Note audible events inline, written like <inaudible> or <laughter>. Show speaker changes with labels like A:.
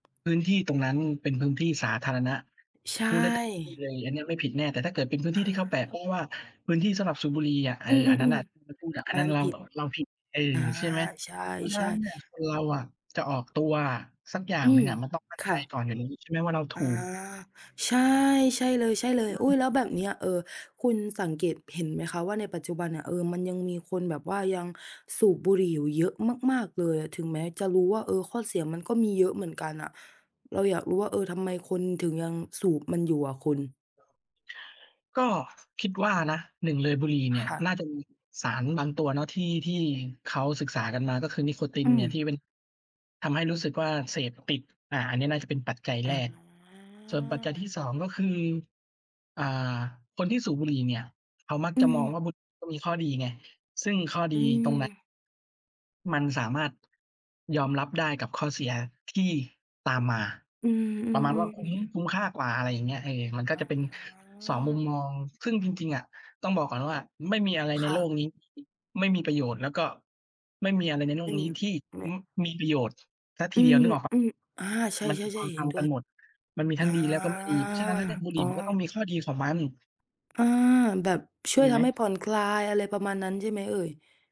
A: พื้นที่ตรงนั้นเป็นพื้นที่สาธารณะ
B: ใช
A: พูดได้เต็มที่
B: ่
A: เลย อันนี้ไม่ผิดแน่ แต่ถ้าเกิดเป็นพื้น
B: อ
A: ที
B: า
A: ่ที่เขาแปะโป้งว่า "พื้นที่สำหรับสูบบุหรี่" อะ เอ
B: อ
A: อ
B: ื
A: อันนั้นน
B: ม
A: ่ะ เรา
B: ๆ
A: ไปพูดอะ อ
B: ๆ
A: ั
B: อ
A: น
B: ั
A: น
B: น
A: ั้
B: นั
A: น
B: ้น
A: เรา
B: ผิด
A: เราผิด เออ
B: อา
A: ใช่ไหม
B: ใช
A: เพราะฉะน
B: ่
A: ั้น
B: ๆ
A: เนี่ยคนเราอะจะออกตัวอะสักอย่า
B: อ
A: ง
B: ื
A: หนึ่ง
B: ม
A: อะมันต้องมั่น
B: ค
A: ใจ
B: ่ะ
A: ก่อน อย่างนี้ใช่ไหม ว่าเราถ
B: อา
A: ูก
B: ใช่ ใช่เล
A: อ
B: ย ๆ อุ๊ย แล้ว
A: ืม
B: แบบเนี้ย เอ่อ คุณสังเกตเห็นไหมคะว่าในปัจจุบันเนี่ย เอ่อ มันยังมีคนแบบว่ายังสูบบุหรี่อยู่เยอะมาก ๆ เลย ถึงแม้จะรู้ว่า เออ ข้อเสียมันก็มีเยอะเหมือนกันอะ เราอยากรู้ว่า เอ่อ ทำไ
A: เ
B: มค
A: ออ
B: นถึงยังสูบมันอยู่อะคุณ?
A: <unintelligible> ก็คิดว่านะ 1 เลยบุหรี่เนี
B: ค
A: ่ย
B: ่ะ
A: น่าจะมีสารบางตัวเนาะที่ ที่เขาศึกษากันมาก็คือนิโคติ
B: อื
A: นเนี่ย
B: อ
A: ที่เป็น ทำให้รู้สึกว่าเสพติด อา อันนี้น่าจะเป็นปัจจัยแรก ส่วนปัจจัย
B: อา
A: ที่ 2 ก็คือ อ่า คนที่สูบบุหรี่เนี่ยเขามัก
B: อื
A: จะมอง
B: ม
A: ว่าบุหรี่ก็มีข้อดีไง ซึ่งข้อ
B: อ
A: ด
B: ื
A: ีตร
B: ม
A: งนั้น มันสามารถ ยอมรับได้กับข้อเสียที่ตามมา
B: อื
A: ประ
B: ม
A: มาณว่าคุ้ม
B: ๆ ๆ
A: คุ้ม
B: ๆ
A: ค่ากว่า อะไรอย่างเงี้ย เออ มันก
B: ๆ
A: ็
B: อา
A: จะเป็น 2 มุมมอง ซึ่งจริง ๆ อะต้องบอกก่อนว่าไม่มีอะไรใ
B: ค
A: น
B: ่
A: โลกนี้
B: ะ
A: ไม่มีประโยชน์ แล้วก็ไม่มีอะไรในโล
B: ซ
A: ก
B: ึ่ง
A: นี้ที่
B: อ ไม่
A: ม มีประโยชน์ เสียท
B: อ
A: ี
B: ื
A: เดียว น
B: ม
A: ึกออกเปล่า?
B: ๆ อ
A: ตร
B: า
A: งเนี้ย
B: ใช่
A: มัน
B: ๆ ๆ เห
A: ท
B: ็น
A: ำ
B: ด
A: ๆ
B: ้
A: กั
B: ว
A: น
B: ย
A: หมด มันมี
B: อ
A: ทั
B: า
A: ้งดีแล้วก็ไม่ดี เพราะฉะนั้นแล้วเนี่ยบุห
B: อ
A: รี
B: ๋อ
A: ่มันก็ต้องมีข้อดีของมัน
B: อา แบบช
A: จ
B: ่
A: ริ
B: วย
A: งไห
B: ท
A: ม?
B: ำให้ผ่อนคลาย อะไรประมาณนั้นใช่ไหมเอ่ย?